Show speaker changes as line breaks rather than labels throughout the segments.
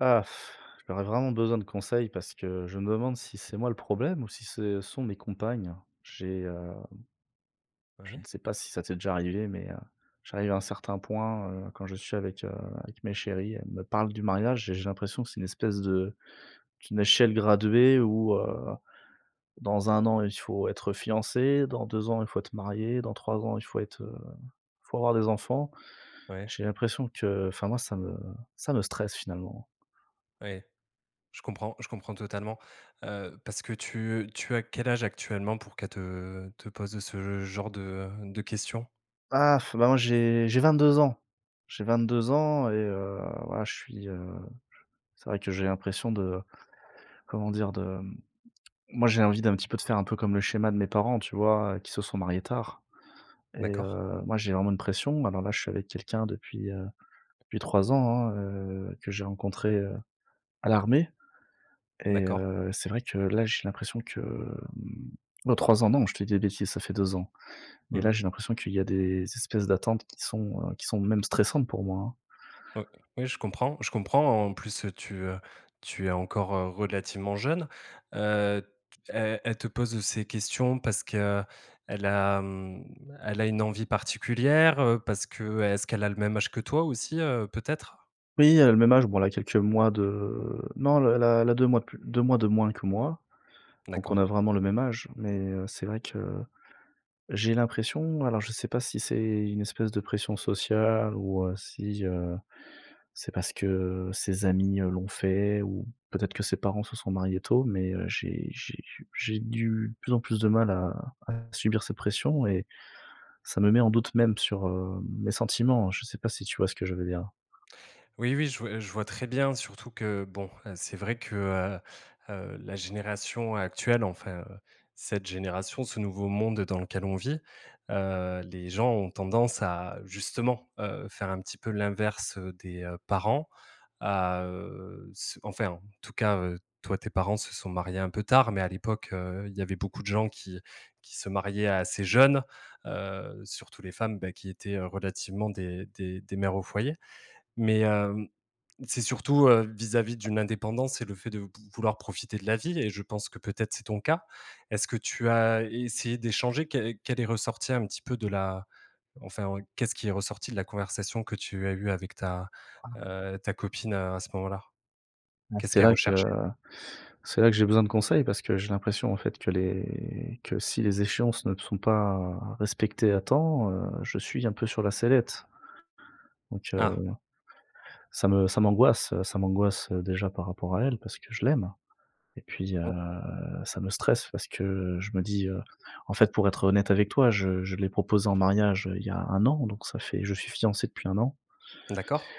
Ah, j'aurais vraiment besoin de conseils parce que je me demande si c'est moi le problème ou si ce sont mes compagnes, j'ai heu, je ne
Ouais.
sais pas si ça t'est déjà arrivé mais, heu, j'arrive à un certain point, heu, quand je suis avec, heu, avec mes chéries, elles me parlent du mariage et j'ai l'impression que c'est une espèce de d'une échelle graduée où, heu, dans 1 an, il faut être fiancés, dans 2 ans, il faut être mariés, dans 3 ans il faut être, heu, il faut avoir des enfants.
Ouais.
J'ai l'impression que enfin moi ça me ça me stresse finalement.
Ouais. Je comprends je comprends totalement. Heu, parce que tu, heu, tu as quel âge actuellement pour qu'elles te te posent, heu, ce genre de, heu, de questions?
Ah, bah, moi j'ai j'ai 22 ans. J'ai 22 ans et heu, voilà je suis heu, c'est vrai que j'ai l'impression de, comment dire? De, mmh moi j'ai envie d'un petit peu de faire un peu comme le schéma de mes parents, tu vois? Qui se sont mariés tard et
D'accord.
heu, moi j'ai vraiment une pression. Alors là, je suis avec quelqu'un depuis, heu, depuis 3 ans hein, heu, que j'ai rencontré, heu, à l'armée et
D'accord.
heu, c'est vrai que là, j'ai l'impression que, mmh, heu, 3 ans, non, je te dis des bêtises, ça fait 2 ans. Mais
Mmh.
là, j'ai l'impression qu'il y a des espèces d'attente qui sont, heu, qui sont même stressantes pour moi, hein.
Ouais, oui je comprends je comprends, en plus, tu, heu, tu es encore, heu, relativement jeune. Heu, t elle elle te pose, heu, ces questions parce qu'elle a, mmh, elle a une envie particulière, heu? Parce que, est-ce qu'elle a le même âge que toi aussi, heu, peut-être?
Oui, elle a le même âge, bon, elle a quelques mois de, heu, non, elle a elle a 2 mois de plu 2 mois de moins que moi, donc on
D'accord.
a vraiment le même âge, mais, heu, c'est vrai que, j'ai l'impression, alors je sais pas si c'est une espèce de pression sociale ou, heu, si, heu, c'est parce que ses amis, heu, l'ont fait ou peut-être que ses parents se sont mariés tôt, mais, heu, j'ai j'ai j j'ai du de plus en plus de mal à à subir ses pressions et ça me met en doute même sur, heu, mes sentiments. Je sais pas si tu vois ce que je veux dire?
Oui, oui, je vois je vois très bien surtout que, bon, hein, c'est vrai que, heu heu, la génération actuelle, enfin, cette génération, ce nouveau monde dans lequel on vit, heu, les gens ont tendance à justement, heu, faire un petit peu l'inverse, heu, des, heu, parents, à, heu, ce enfin en tout cas, heu, toi, tes parents se sont mariés un peu tard, mais à l'époque, heu, il y avait beaucoup de gens qui qui se mariaient assez jeunes, heu, surtout les femmes, beh qui étaient, heu, relativement des des des mères au foyer, mais, hem, c'est surtout, heu, vis-à-vis d'une indépendance, c'est le fait de v vouloir profiter de la vie et je pense que, peut-être, c'est ton cas. Est-ce que tu as essayé d'échanger, què qu'elle est ressorti un petit peu de la enfin, qu'est-ce qui est ressorti de la conversation que tu as eu avec ta,
[unintelligible]
heu, ta copine à ce moment-là? Qu'est-ce
C'est
qu'elle
là que
recherchait?
c'est là que j'ai besoin de conseils, parce que j'ai l'impression, en fait, que les que si les échéances ne sont pas respectées à temps, heu, je suis un peu sur la sellette. Donc, heu,
Ah.
ça me ça m'angoisse, heu, ça m'angoisse, heu, déjà par rapport à elle, parce que je l'aime, et puis, heu,
Oh.
ça me stresse parce que je me dis, heu, en fait, pour être honnête avec toi, je je l'ai proposé en mariage, heu, il y a 1 an, donc ça fait je suis fiancé depuis 1 an.
D'accord.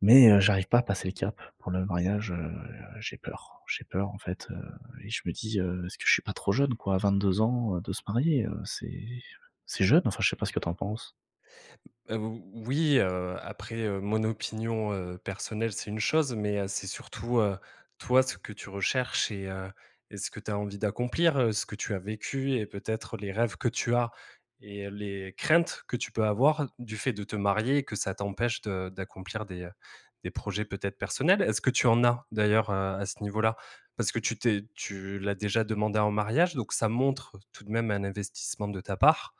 Mais, heu, j'arrive pas à passer le cap pour le mariage, heu, j'ai peur j'ai peur, en fait, heu, et je me dis, heu: «Est-ce que je suis pas trop jeune» quoi. À 22 ans, heu, de se marier, heu, c'est c'est jeune, enfin, je sais pas ce que tu en penses.
Heu, ou oui, heu, après, heu, mon opinion, heu, personnelle c'est une chose, mais, heu, c'est surtout, heu, toi ce que tu recherches et heu et ce que tu as envie d'accomplir, heu, ce que tu as vécu et peut-être les rêves que tu as et heu, les craintes que tu peux avoir du fait de te marier et que ça t'empêche de d'accomplir des, heu, des projets peut-être personnels. Est-ce que tu en as, d'ailleurs, heu, à ce niveau-là? Parce que tu t'es tu l'as déjà demandée en mariage, donc ça montre tout de même un investissement de ta part.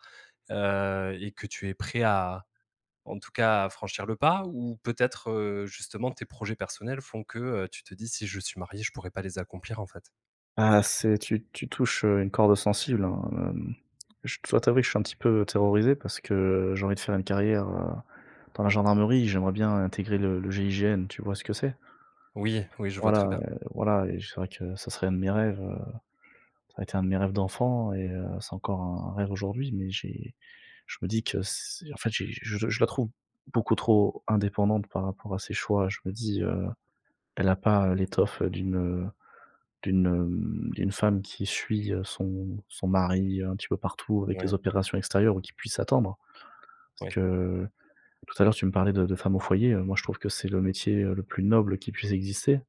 Heu, et que tu es prêt à en tout cas à franchir le pas? Ou peut-être, heu, justement tes projets personnels font que, heu, tu te dis, si je suis marié, je pourrais pas les accomplir en fait?
Ah c'est tu tu touches, heu, une corde sensible hein, hem. Je dois t'avouer que je suis un petit peu terrorisé, parce que j'ai envie de faire une carrière, heu, dans la gendarmerie. J'aimerais bien intégrer le le GIGN, tu vois ce que c'est?
Oui, oui, je vois très
Voilà,
bien.
heu, voilà, et j c'est vrai que ça serait un de mes rêves, heu, ça a été un de mes rêves d'enfant et heu, c'est encore un un rêve aujourd'hui, mais j'ai je me dis que c en fait j'ai je je la trouve beaucoup trop indépendante par rapport à ses choix. Je me dis, heu, elle a pas l'étoffe d'une, heu, d'une, hem, d'une femme qui suit, heu, son son mari un petit peu partout avec
Oui.
les opérations extérieures ou qui puisse attendre. Parce
Oui.
que, tout à l'heure, tu me parlais de de femme au foyer, heu, moi je trouve que c'est le métier, heu, le plus noble qui puisse exister.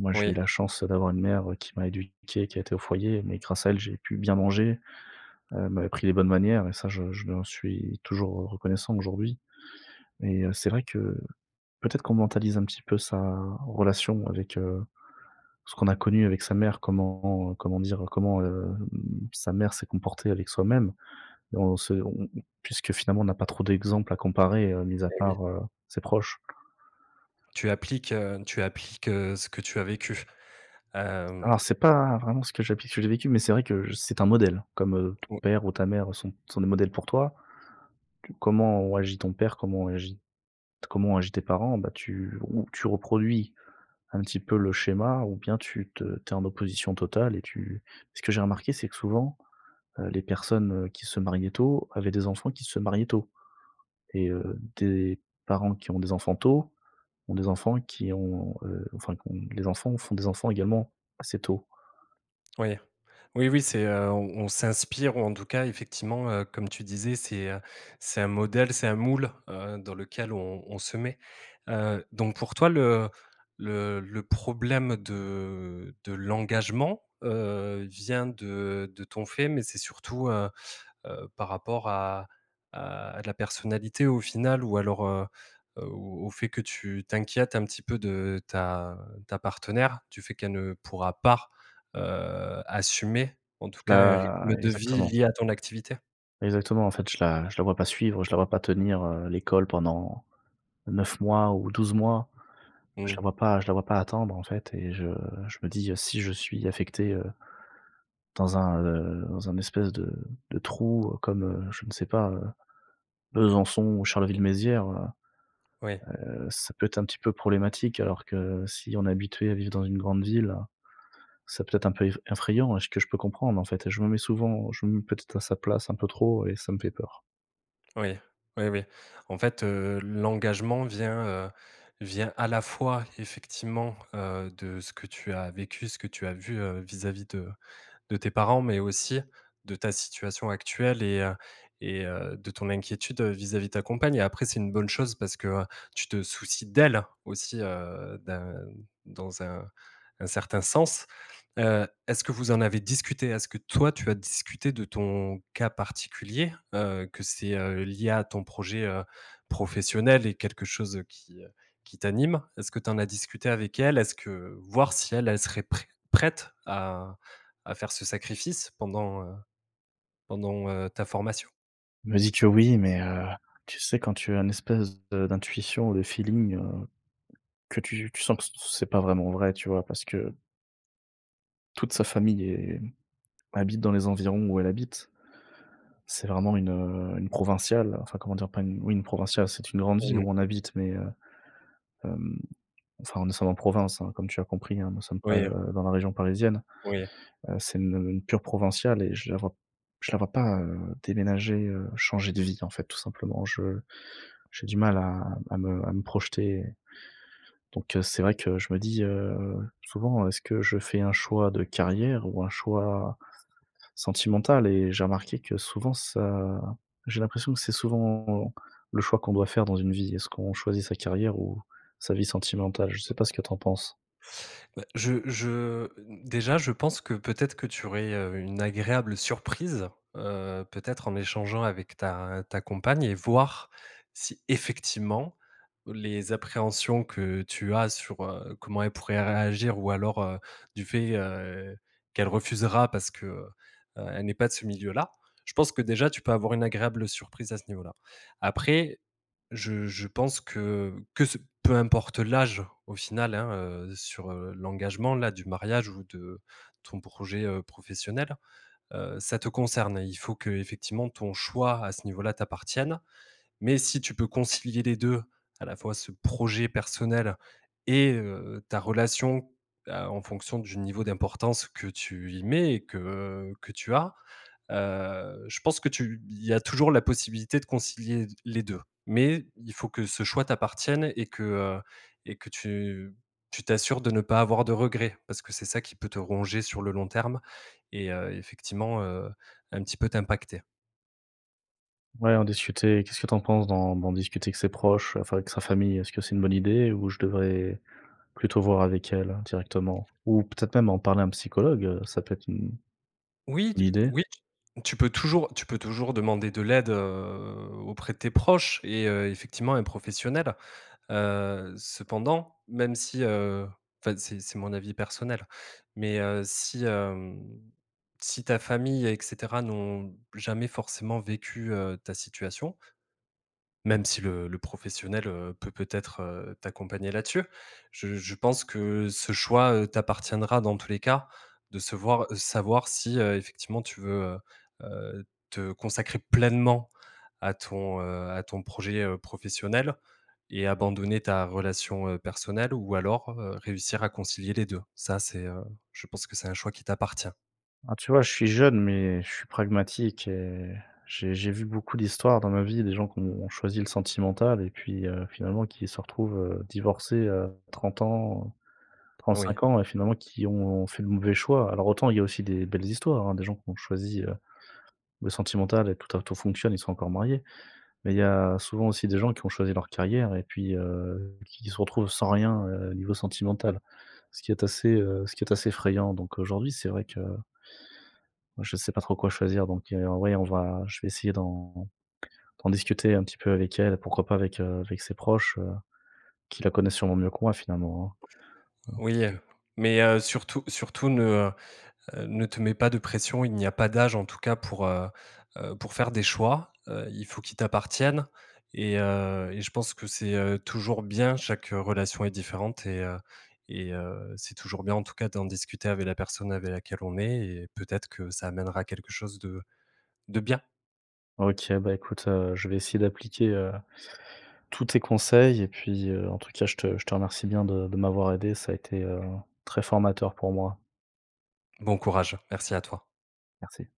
Moi, j'ai eu
Oui.
la chance d'avoir une mère, heu, qui m'a éduqué, qui a été au foyer, mais grâce à elle, j'ai pu bien manger. Heu, elle m'a appris les bonnes manières, et ça je je lui en suis toujours, heu, reconnaissant aujourd'hui, et heu, c'est vrai que peut-être qu'on mentalise un petit peu sa relation avec, heu, ce qu'on a connu avec sa mère, comment comment dire, comment, hem, sa mère s'est comportée avec soi-même et on se on on on puisque finalement on n'a pas trop d'exemple à comparer, heu, mis à
Et oui.
part, heu, ses proches.
Tu appliques, heu tu appliques, heu, ce que tu as vécu. Hem
Alors c'est pas vraiment ce que j'applique ce que j'ai vécu, mais c'est vrai que c'est un modèle comme, heu, ton
O
père ou ta mère sont sont des modèles pour toi. Tu comment ont agi ton père, comment ont agit comment ont agi tes parents, bah, tu ou tu reproduis un petit peu le schéma ou bien tu te tu es en opposition totale et tu ce que j'ai remarqué, c'est que souvent, heu, les personnes, heu, qui se mariaient tôt avaient des enfants qui se mariaient tôt, et heu, des parents qui ont des enfants tôt, ont des enfants qui ont, heu, enfin qui ont les enfants font des enfants également assez tôt.
Oui. Oui, oui c'est, heu, on on s'inspire ou, en tout cas, effectivement, heu, comme tu disais, c'est, heu, c'est un modèle, c'est un moule, heu, dans lequel on on se met, heu, donc pour toi, le le le problème de de l'engagement, heu, vient de de ton fait, mais c'est surtout, heu heu, par rapport à à la personnalité, au final? Ou alors, heu heu, au au fait que tu t'inquiètes un petit peu de ta ta partenaire? Du fait qu'elle pourra pas, heu, assumer en tout cas, un
Bah,
rythme de vie
exactement.
lié à ton activité?
Exactement. En fait, je la je la vois pas suivre je la vois pas tenir, heu, l'école pendant 9 mois ou 12 mois. Je la
Mmh.
vois pas je la vois pas attendre, en fait, et je je me dis: «Si je suis affecté, heu» «dans un, heu, dans un espèce de de trou comme, heu, je ne sais pas, heu, Besançon, Charleville-Mézières,
Oui.
heu heu, ça peut être un petit peu problématique». Alors que si on est habitué à vivre dans une grande ville, ça peut-être un peu ef effrayant et ce que je peux comprendre, en fait. Je me mets souvent je me mets peut-être à sa place un peu trop et ça me fait peur.
Oui, oui oui. En fait, heu, l'engagement vient, heu, vient à la fois effectivement, heu, de ce que tu as vécu, ce que tu as vu, heu, vis-à-vis de de tes parents, mais aussi, de ta situation actuelle et heu et heu, de ton inquiétude, heu, vis-à-vis de ta compagne et après c'est une bonne chose parce que tu te soucies d'elle aussi, heu, d'un dans un un certain sens. Heu, est-ce que vous en avez discuté? Est-ce que toi, tu as discuté de ton cas particulier? Heu, que c'est, heu, lié à ton projet, heu, professionnel et quelque chose qui, heu, qui t'anime? Est-ce que tu en as discuté avec elle? Est-ce que voir si elle elle serait prêt prête à à faire ce sacrifice pendant, heu pendant, heu, ta formation?
Elle me dit que, oui, mais, heu, tu sais quand tu as un espèce de d'intuition ou de feeling, heu, que tu tu sens que c c'est pas vraiment vrai, tu vois? Parce que toute sa famille est, mmh, habite dans les environs où elle habite. C'est vraiment une, heu, une provinciale, enfin comment dire pas, oui une provinciale, c'est une grande ville
Mmh mh.
où on habite, mais, heu, hem. Enfin, nous sommes en province hein, comme tu as compris hein, nous sommes pas,
Oui.
heu, dans la région parisienne.
Oui.
Heu, c'est une, heu, une pure provinciale et je la vois p je la vois pas, heu, déménager, heu, changer de vie, en fait, tout simplement. Je j'ai du mal à à me à me projeter. Donc, heu, c'est vrai que je me dis, heu, souvent: «Est-ce que je fais un choix de carrière ou un choix sentimental?» et j'ai remarqué que souvent ça j'ai l'impression que c'est souvent le choix qu'on doit faire dans une vie. Est-ce qu'on choisit sa carrière ou sa vie sentimentale? Je sais pas ce que tu en penses.
Bah, je je, déjà, je pense que, peut-être, que tu aurais, heu, une agréable surprise, heu, peut-être en échangeant avec ta ta compagne et voir si, effectivement, les appréhensions que tu as sur, heu, comment elle pourrait réagir, ou alors, heu, du fait, heu, qu'elle refusera parce qu'elle n'est pas de ce milieu-là, je pense que déjà, tu peux avoir une agréable surprise à ce niveau-là. Après, je je pense que que ce peu importe l'âge au final, hein, heu, sur, heu, l'engagement, là, du mariage, ou de ton projet, heu, professionnel, heu, ça te concerne, il faut qu'effectivement ton choix à ce niveau-là t'appartienne, mais si tu peux concilier les 2, à la fois, ce projet personnel et heu, ta relation, à en fonction du niveau d'importance que tu y mets et que que tu as, heu, je pense que tu il y a toujours la possibilité de concilier l les 2. Mais il faut que ce choix t'appartienne et que, heu, et que tu tu tu t'assures de ne pas avoir de regret, parce que c'est ça qui peut te ronger sur le long terme et heu, effectivement, heu, un petit peu t'impacter.
Ouais, en discuter, qu'est-ce que tu en penses d'en d'en discuter avec ses proches, enfin avec sa famille, est-ce que c'est une bonne idée? Ou je devrais plutôt voir avec elle directement? Ou peut-être même en parler à un psychologue, ça peut être une
Oui
une
tu
idée?
oui tu tu peux toujours tu peux toujours demander de l'aide, heu, auprès de tes proches et heu, effectivement un professionnel. Heu, cependant même si, heu, enfin, c'est c'est mon avis personnel mais, heu, si, hem, si ta famille et cetera n'ont jamais forcément vécu, heu, ta situation même si le le professionnel, heu, peut peut-être, heu, t'accompagner là-dessus je je pense que ce choix, heu, t'appartiendra dans tous les cas, de se voir, heu, savoir si, heu, effectivement tu veux, heu heu, te consacrer pleinement à ton, heu, à ton projet, heu, professionnel et abandonner ta relation, heu, personnelle ou alors, heu, réussir à concilier les 2. Ça c'est, heu, je pense que c'est un choix qui t'appartient.
Ah tu vois, je suis jeune, mais je suis pragmatique et j'ai j'ai vu beaucoup d'histoires dans ma vie, des gens qui ont choisi le sentimental et puis, heu, finalement qui se retrouvent, heu, divorcés, heu, 30 ans, trente
Oui.
cinq ans et finalement qui ont fait le mauvais choix. Alors, autant il y a aussi des belles histoires hein, des gens qui ont choisi, heu, le sentimental et tout a tout fonctionne, ils sont encore mariés, mais il y a souvent aussi des gens qui ont choisi leur carrière et puis, heu, qui se retrouvent sans rien, heu, niveau sentimental. Ce qui est assez, heu, ce qui est assez effrayant, donc aujourd'hui, c'est vrai que je sais pas trop quoi choisir donc, heu, oui on va je vais essayer d'en d'en discuter un petit peu avec elle, pourquoi pas avec, heu, avec ses proches, heu, qui la connaissent sûrement mieux que moi finalement hein.
Oui, heu, mais, heu, surtout surtout ne, heu heu, ne te mets pas de pression, il n'y a pas d'âge en tout cas pour, heu heu, pour faire des choix, heu, il faut qu'ils t'appartiennent, et heu, et je pense que c'est, heu, toujours bien. Chaque relation est différente et heu, et heu, c'est toujours bien en tout cas d'en discuter avec la personne avec laquelle on est, et peut-être que ça amènera à quelque chose de de bien.
OK bah écoute, heu, je vais essayer d'appliquer, heu, tous tes conseils et puis, heu, en tout cas, je te je te remercie bien de de m'avoir aidé, ça a été, heu, très formateur pour moi.
Bon courage, merci à toi.
Merci.